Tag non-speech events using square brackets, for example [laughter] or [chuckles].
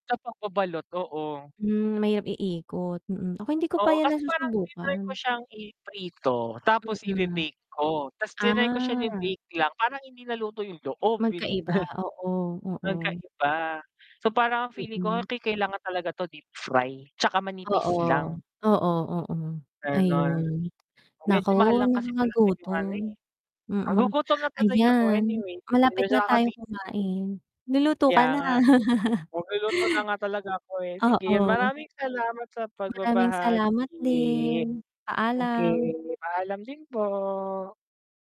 Sa pagbabalot, oo. Hmm, mahirap iikot, mm. Ako, hindi ko pa Oo, 'yan kasi parang tinry ko nasusubukan. siyang i-prito tapos Mm. ibe-bake ko. 'Tas tinry ko siyang Ah. i-bake lang parang hindi naluto 'yong loob, 'yon, eh Magkaiba, oo, [chuckles] oo. magkaiba. So, parang ang feeling ko Mm. kai kailangan talaga to deep fry 'tsaka Oo. manipis lang. Oo, oo, Gano'n. ayun. Naku, Medyo mahal lang kasi talaga 'yong ano, nakagagutom. eh. Mm. Nagugutom na tuloy ako, Ayan, anyway. malapit Medyo na tayo nakakabitin. kumain. Luluto Kaya ka na. nga, eh. Magluluto na nga talaga ako, [laughs] eh. Sige, Oo. maraming salamat sa Maraming salamat pagbabahagi. din. Okey, Paalam. paalam din po.